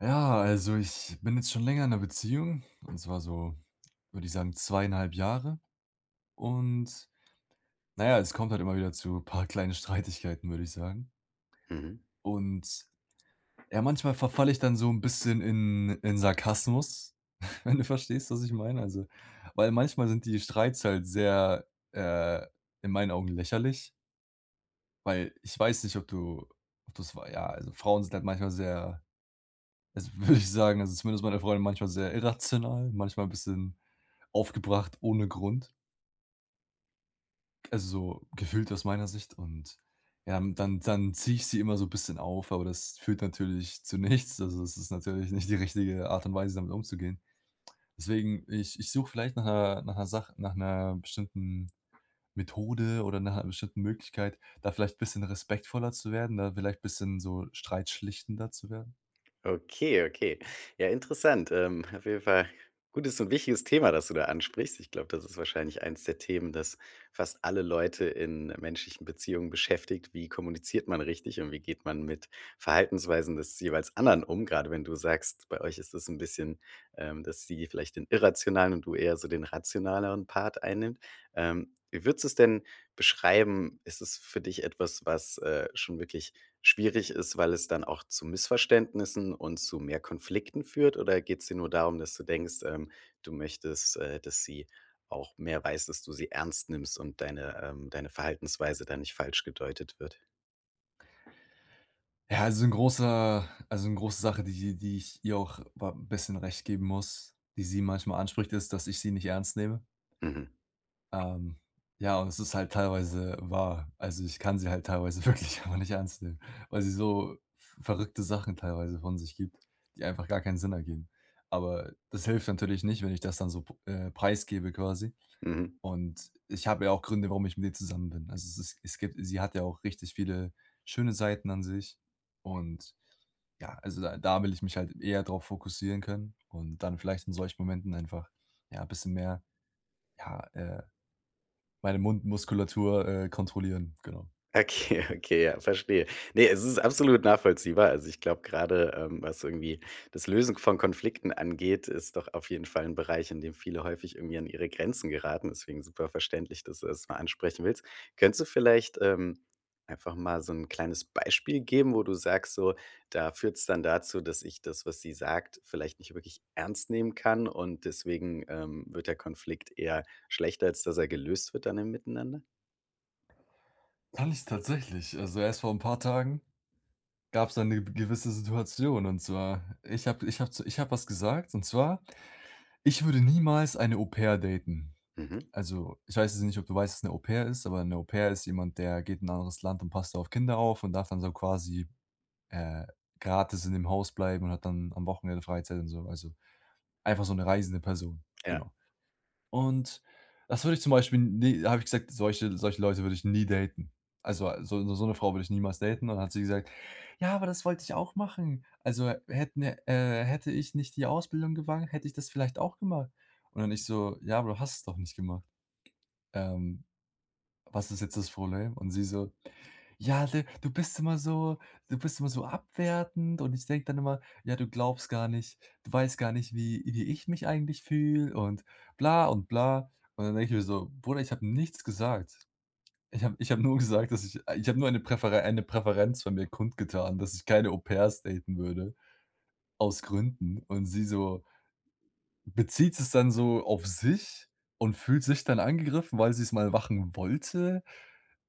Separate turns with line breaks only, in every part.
Ja, also, ich bin jetzt schon länger in 'ner Beziehung. Und zwar so, würde ich sagen, zweieinhalb Jahre. Und, na ja, es kommt halt immer wieder zu paar kleinen Streitigkeiten, würde ich sagen.
Mhm.
Und, ja, manchmal verfalle ich dann so 'n bisschen in in Sarkasmus. Wenn du verstehst, was ich meine. Also, weil manchmal sind die Streits halt sehr, äh, in meinen Augen lächerlich. Weil ich weiß nicht, ob du, ob du es wei ja, also, Frauen sind halt manchmal sehr, das würde ich sagen, also zumindest meine Freundin manchmal sehr irrational, manchmal 'n bisschen aufgebracht, ohne Grund. Also so gefühlt aus meiner Sicht und ja, und dann dann ziehe ich sie immer so bisschen auf, aber das führt natürlich zu nichts. Also das ist natürlich nicht die richtige Art und Weise, damit umzugehen. Deswegen ich ich suche vielleicht nach 'ner nach 'ner Sach nach 'ner bestimmten Methode oder nach einer bestimmten Möglichkeit, da vielleicht bisschen respektvoller zu werden, da vielleicht bisschen so streitschlichtender zu werden.
Okay, okay. Ja, interessant, ähm, auf jeden Fall gutes und wichtiges Thema, das du da ansprichst. Ich glaube, das ist wahrscheinlich eines der Themen, das fast alle Leute in menschlichen Beziehungen beschäftigt. Wie kommuniziert man richtig, und wie geht man mit Verhaltensweisen des jeweils anderen um? Gerade wenn du sagst, bei euch ist das 'n bisschen, ähm, dass sie vielleicht den irrationalen und du eher so den rationaleren Part einnimmt. Ähm, wie würdest du es denn beschreiben? Ist es für dich etwas, was, äh, schon wirklich schwierig ist, weil es dann auch zu Missverständnissen und zu mehr Konflikten führt? Oder geht's dir nur darum, dass du denkst, ähm, du möchtest, äh, dass sie auch mehr weiß, dass du sie ernst nimmst und deine, ähm deine Verhaltensweise da nicht falsch gedeutet wird?
Ja, also 'n großer also 'ne große Sache, die die ich ihr auch wa bisschen recht geben muss, die sie manchmal anspricht, ist, dass ich sie nicht ernst nehme.
Mhm.
Ähm, ja, und es ist halt teilweise wahr. Also, ich kann sie halt teilweise wirklich einfach nicht ernst nehmen, weil sie so v verrückte Sachen teilweise von sich gibt, die einfach gar keinen Sinn ergeben. Aber das hilft natürlich nicht, wenn ich das dann so p äh, preisgebe, quasi.
Mhm.
Und ich habe ja auch Gründe, warum ich mit ihr zusammen bin. Also, es es es gibt sie hat ja auch richtig viele schöne Seiten an sich. Und ja, also da da will ich mich halt eher drauf fokussieren können. Und dann vielleicht in solchen Momenten einfach, ja, bisschen mehr, ja, äh, meine Mundmuskulatur, äh, kontrollieren, genau.
Okay, okay, ja, verstehe. Ne, es ist absolut nachvollziehbar. Also, ich glaube gerade, ähm, was irgendwie das Lösen von Konflikten angeht, ist doch auf jeden Fall 'n Bereich, in dem viele häufig irgendwie an ihre Grenzen geraten. Deswegen super verständlich, dass du das mal ansprechen willst. Könntest du vielleicht, ähm, einfach mal so 'n kleines Beispiel geben, wo du sagst: „So, da führt es dann dazu, dass ich das, was sie sagt, vielleicht nicht wirklich ernst nehmen kann." Und deswegen, ähm, wird der Konflikt eher schlechter, als dass er gelöst wird, dann im Miteinander?
Kann ich tatsächlich. Also erst vor 'n paar Tagen gab's da 'ne w gewisse Situation, und zwar, ich habe ich habe zu ich habe was gesagt, und zwar: „Ich würde niemals eine Au-pair daten."
Mhm.
Also, ich weiß jetzt nicht, ob du weißt, was 'ne Au-pair ist, aber 'ne Au-pair ist jemand, der geht in 'n anderes Land und passt da auf Kinder auf und darf dann so quasi, äh, gratis in dem Haus bleiben und hat dann am Wochenende Freizeit und so, also, einfach so 'ne reisende Person.
Ja.
Genau. Und, das würde ich zum Beispiel ne da habe ich gesagt, solche solche Leute würde ich nie daten. Also, so so 'ne Frau würde ich niemals daten und dann hat sie gesagt: „Ja, aber das wollte ich auch machen. Also hätten, äh hätte ich nicht die Ausbildung gewagt, hätte ich das vielleicht auch gemacht." Und dann ich so: „Ja, aber du hast es doch nicht gemacht. Ähm, was ist jetzt das Problem?" Und sie so: „Ja, du du bist immer so du bist immer so abwertend und ich denke dann immer ja, du glaubst gar nicht du weißt gar nicht, wie wie ich mich eigentlich fühle und bla und bla." Und dann denke ich mir so: „Bruder, ich habe nichts gesagt. Ich habe ich habe nur gesagt, dass ich ich habe nur eine Präfere eine Präferenz von mir kundgetan, dass ich keine Au-pairs daten würde, aus Gründen," und sie so bezieht es dann so auf sich und fühlt sich dann angegriffen, weil sie es mal machen wollte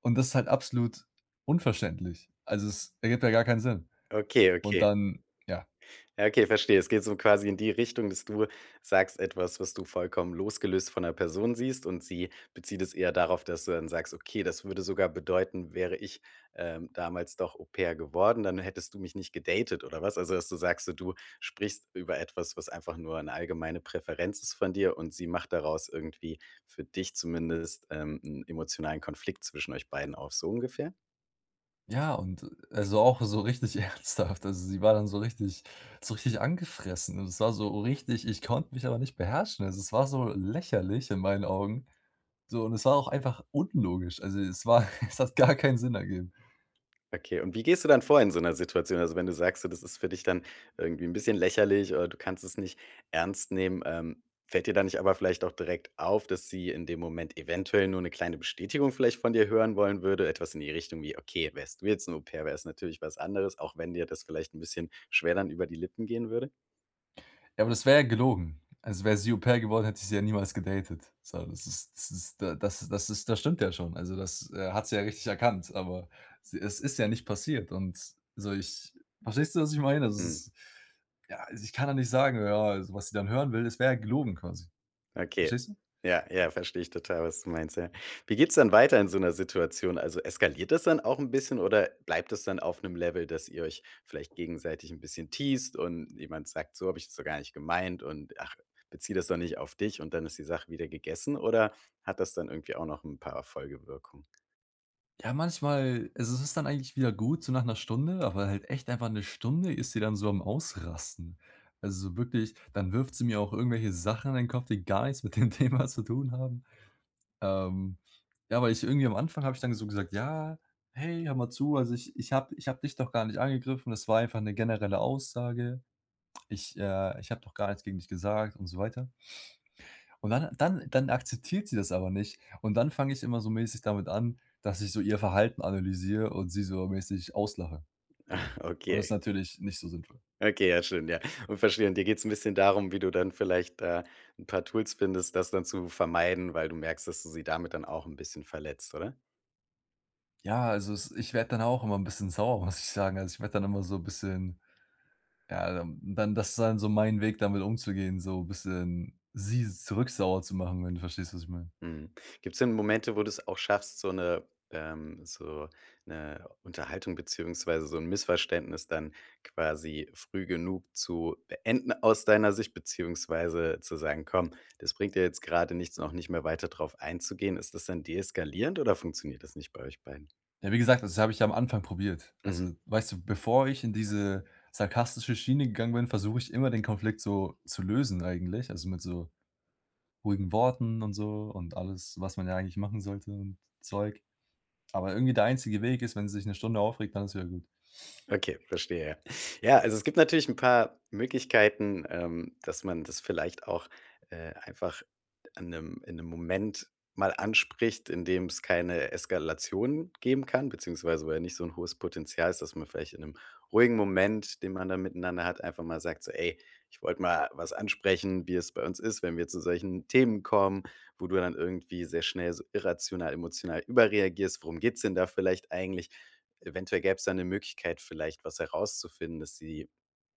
und das ist halt absolut unverständlich. Also es ergibt ja gar keinen Sinn.
Okay,
Und
okay.
dann ja.
Ja, okay, verstehe. Es geht so quasi in die Richtung, dass du sagst etwas, was du vollkommen losgelöst von 'ner Person siehst. Und sie bezieht es eher darauf, dass du dann sagst: „Okay, das würde sogar bedeuten, wäre ich, ähm, damals doch Au-pair geworden, dann hättest du mich nicht gedatet, oder was?" Also, dass du sagst, äh: „Du sprichst über etwas, was einfach nur 'ne allgemeine Präferenz ist von dir und sie macht daraus irgendwie für dich zumindest, ähm, 'n emotionalen Konflikt zwischen euch beiden auf." So ungefähr?
Ja, und also, auch so richtig ernsthaft. Also, sie war dann so richtig so richtig angefressen. Und es war so richtig ich konnte mich aber nicht beherrschen. Also, es war so lächerlich in meinen Augen. So, und es war auch einfach unlogisch. Also, es war Es hat gar keinen Sinn ergeben.
Okay. Und wie gehst du dann vor in so 'ner Situation? Also, wenn du sagst, so das ist für dich dann irgendwie 'n bisschen lächerlich, oder du kannst es nicht ernst nehmen. Ähm, fällt dir da nicht aber vielleicht auch direkt auf, dass sie in dem Moment eventuell nur 'ne kleine Bestätigung vielleicht von dir hören wollen würde. Etwas in die Richtung wie: „Okay, wärst du jetzt 'n Au-Pair, wäre es natürlich was anderes.“ Auch wenn dir das vielleicht 'n bisschen schwer dann über die Lippen gehen würde?
Ja, aber das wäre ja gelogen. Also, wäre sie Au-Pair geworden, hätte ich sie ja niemals gedatet. So das ist das ist d das das ist das stimmt ja schon. Also, das, äh, hat sie ja richtig erkannt. Aber s es ist ja nicht passiert. Und so ich verstehst du, was ich meine? Also, es
Hm.
ist ja, also, ich kann da nicht sagen, ja, was sie dann hören will, das wäre ja gelogen quasi.
Okay.
Verstehst du?
Ja, ja, verstehe ich total, was du meinst. Ja. Wie geht's dann weiter in so 'ner Situation? Also, eskaliert das dann auch 'n bisschen. Oder bleibt das dann auf 'nem Level, dass ihr euch vielleicht gegenseitig 'n bisschen teased und jemand sagt: „So habe ich das doch gar nicht gemeint.“ Und: „Ach, bezieh das doch nicht auf dich.“ Und dann ist die Sache wieder gegessen? Oder hat das dann irgendwie auch noch 'n paar Folgewirkungen?
Ja, manchmal. Also, es ist dann eigentlich wieder gut, so nach 1 Stunde. Aber halt echt einfach 1 Stunde ist sie dann so am Ausrasten. Also wirklich. Dann wirft sie mir auch irgendwelche Sachen an den Kopf, die gar nichts mit dem Thema zu tun haben. Ähm, ja, weil ich irgendwie am Anfang habe ich dann ge so gesagt: „Ja, hey, hör mal zu. Also ich ich habe d ich habe dich doch gar nicht angegriffen. Das war einfach 'ne generelle Aussage. Ich äh, ich habe doch gar nichts gegen dich gesagt,“ und so weiter. Und dann dann dann akzeptiert sie das aber nicht. Und dann fange ich immer so mäßig damit an, dass ich so ihr Verhalten analysiere und sie so mäßig auslache. Genau. Und ist
Okay.
natürlich nicht so sinnvoll.
Okay. Ja, stimmt, ja. Und verstehe. Und dir geht's 'n bisschen darum, wie du dann vielleicht, äh, 'n paar Tools findest, das dann zu vermeiden, weil du merkst, dass du sie damit dann auch 'n bisschen verletzt, oder?
Ja, also es ich werde dann auch immer 'n bisschen sauer, muss ich sagen. Also, ich werde dann immer so bisschen. Ja, dann dann das dann so mein Weg, damit umzugehen, so bisschen sie zurück sauer zu machen, wenn du verstehst, was ich meine.
Mhm. Gibt's denn Momente, wo du's auch schaffst, so 'ne ähm, so 'ne Unterhaltung beziehungsweise so 'n Missverständnis dann quasi früh genug zu beenden, aus deiner Sicht beziehungsweise zu sagen: „Komm, das bringt ja jetzt gerade nichts“, und auch nicht mehr weiter darauf einzugehen. Ist das dann deeskalierend oder funktioniert das nicht bei euch beiden?
Ja, wie gesagt, das habe ich am Anfang probiert.
Mhm.
Also, weißt du, bevor ich in diese sarkastische Schiene gegangen bin, versuche ich immer, den Konflikt so zu lösen eigentlich, also mit so ruhigen Worten und so und alles, was man ja eigentlich machen sollte und Zeug. Aber irgendwie der einzige Weg ist, wenn sie sich 'ne Stunde aufregt, dann ist wieder gut.
Okay, verstehe. Ja, also, es gibt natürlich 'n paar Möglichkeiten, ähm, dass man das vielleicht auch, äh, einfach in 'nem in 'nem Moment mal anspricht, in dem es keine Eskalation geben kann, beziehungsweise wo ja nicht so 'n hohes Potenzial ist, dass man vielleicht in 'nem ruhigen Moment, den man da miteinander hat, einfach mal sagt so: „Ey, ich wollte mal was ansprechen, wie es bei uns ist, wenn wir zu solchen Themen kommen, wo du dann irgendwie sehr schnell so irrational emotional überreagierst. Worum geht es denn da vielleicht eigentlich?" Eventuell gäbe es da 'ne Möglichkeit, vielleicht was herauszufinden, dass sie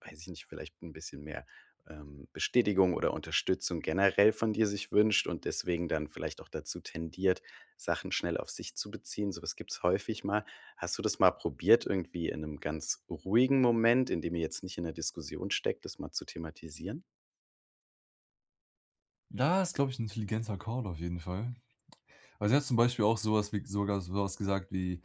weiß ich nicht, vielleicht 'n bisschen mehr, ähm, Bestätigung oder Unterstützung generell von dir sich wünscht und deswegen dann vielleicht auch dazu tendiert, Sachen schnell auf sich zu beziehen? Sowas gibt es häufig mal. Hast du das mal probiert? Irgendwie in 'nem ganz ruhigen Moment, in dem ihr jetzt nicht in 'ner Diskussion steckt, das mal zu thematisieren?
Da ist, glaube ich, 'n intelligenter Call auf jeden Fall. Weil sie hat zum Beispiel auch sowas wie sogar sowas gesagt wie: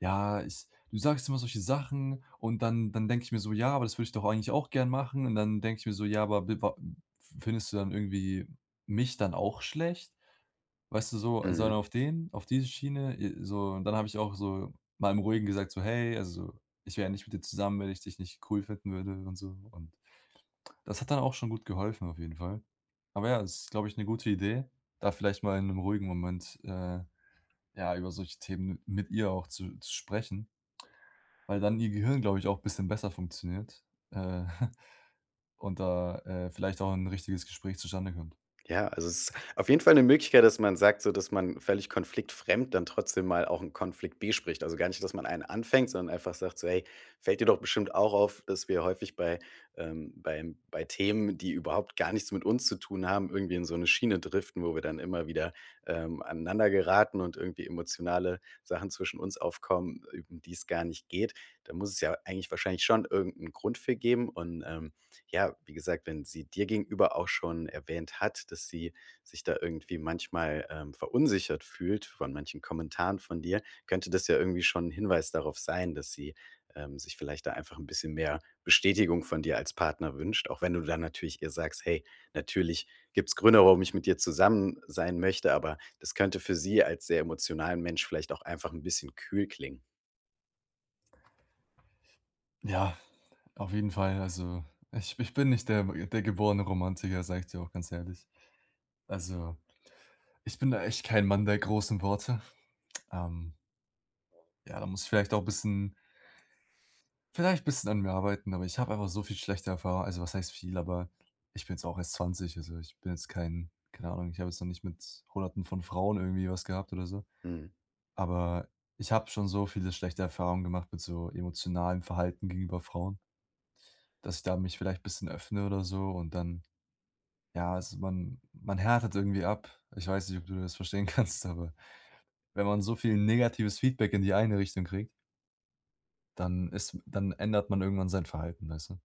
„Ja, ich du sagst immer solche Sachen und dann dann denke ich mir so: Ja, aber das würde ich doch eigentlich auch gern machen.“ Und dann denke ich mir so: „Ja, aber wi wa f findest du dann irgendwie mich dann auch schlecht?“ Weißt du so so einen
Mhm.
auf den auf diese Schiene, äh, so und dann habe ich auch so mal im Ruhigen gesagt so: „Hey, also, ich wäre ja nicht mit dir zusammen, wenn ich dich nicht cool finden würde,“ und so und das hat dann auch schon gut geholfen auf jeden Fall. Aber ja, das glaube ich, 'ne gute Idee, da vielleicht mal in 'nem ruhigen Moment, äh, ja, über solche Themen mit ihr auch zu zu sprechen weil dann ihr Gehirn, glaube ich auch bisschen besser funktioniert, äh, und da, äh, vielleicht auch 'n richtiges Gespräch zustande kommt.
Ja, also es ist auf jeden Fall 'ne Möglichkeit, dass man sagt, so dass man völlig konfliktfremd dann trotzdem mal auch 'n Konflikt bespricht. Also gar nicht, dass man einen anfängt, sondern einfach sagt so: „Hey, fällt dir doch bestimmt auch auf, dass wir häufig bei, ähm, beim bei Themen, die überhaupt gar nichts mit uns zu tun haben, irgendwie in so 'ne Schiene driften, wo wir dann immer wieder, ähm, aneinander geraten und irgendwie emotionale Sachen zwischen uns aufkommen, äh, um die es gar nicht geht. Da muss es ja eigentlich wahrscheinlich schon irgendeinen Grund für geben.“ Und, ähm, ja, wie gesagt, wenn sie dir gegenüber auch schon erwähnt hat, dass sie sich da irgendwie manchmal, ähm, verunsichert fühlt, von manchen Kommentaren von dir, könnte das ja irgendwie schon 'n Hinweis darauf sein, dass sie, ähm, sich vielleicht da einfach 'n bisschen mehr Bestätigung von dir als Partner wünscht. Auch wenn du dann natürlich ihr sagst: „Hey, natürlich gibt's Gründe, warum ich mit dir zusammen sein möchte,“ aber das könnte für sie als sehr emotionalen Mensch vielleicht auch einfach 'n bisschen kühl klingen.
Ja, auf jeden Fall, also ich ich bin nicht der der geborene Romantiker, sage ich dir auch ganz ehrlich. Also, ich bin da echt kein Mann der großen Worte. Ähm Ja, da muss ich vielleicht auch 'n bisschen vielleicht 'n bisschen an mir arbeiten, aber ich habe einfach so viel schlechte Erfahr also was heißt viel, aber ich bin jetzt auch erst 20. Also ich bin jetzt kein keine Ahnung, ich habe jetzt noch nicht mit Hunderten von Frauen irgendwie was gehabt oder so.
Mhm.
Aber ich habe schon so viele schlechte Erfahrungen gemacht mit so emotionalem Verhalten gegenüber Frauen dass ich da mich vielleicht bisschen öffne oder so und dann ja, also man man härtet irgendwie ab. Ich weiß nicht, ob du das verstehen kannst, aber wenn man so viel negatives Feedback in die eine Richtung kriegt dann ist dann ändert man irgendwann sein Verhalten, weißt du.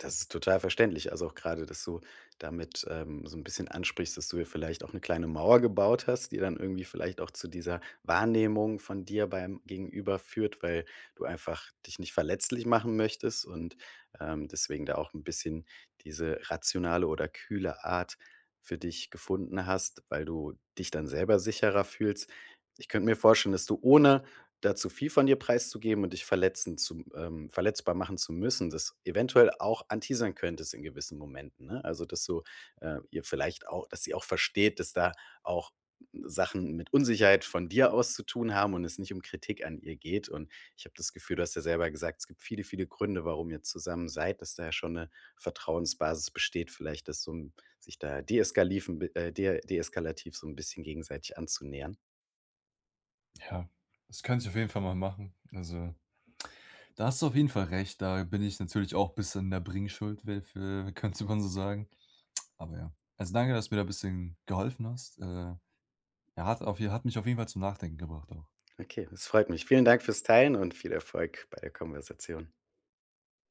Das ist total verständlich. Also auch gerade, dass du damit, ähm, so 'n bisschen ansprichst, dass du dir vielleicht auch 'ne kleine Mauer gebaut hast, die dann irgendwie vielleicht auch zu dieser Wahrnehmung von dir beim Gegenüber führt, weil du einfach dich nicht verletzlich machen möchtest und, ähm, deswegen da auch 'n bisschen diese rationale oder kühle Art für dich gefunden hast, weil du dich dann selber sicherer fühlst. Ich könnte mir vorstellen, dass du, ohne da zu viel von dir preiszugeben und dich verletzen zu, ähm verletzbar machen zu müssen, dass eventuell auch anteasern könntest in gewissen Momenten, ne? Also, dass du, äh, ihr vielleicht auch dass sie auch versteht, dass da auch Sachen mit Unsicherheit von dir aus zu tun haben und es nicht um Kritik an ihr geht. Und ich habe das Gefühl du hast ja selber gesagt, es gibt viele, viele Gründe, warum ihr zusammen seid, dass da ja schon 'ne Vertrauensbasis besteht vielleicht, dass so 'n sich da deeskaliven äh, de deeskalativ so 'n bisschen gegenseitig anzunähern.
Ja, das könnte ich auf jeden Fall mal machen. Also, da hast du auf jeden Fall recht. Da bin ich natürlich auch bisschen in der Bringschuld [unintelligible] könnte man so sagen. Aber ja. Also danke, dass du mir da 'n bisschen geholfen hast. Äh, ja hat auf je hat mich auf jeden Fall zum Nachdenken gebracht auch.
Okay, das freut mich. Vielen Dank fürs Teilen und viel Erfolg bei der Konversation.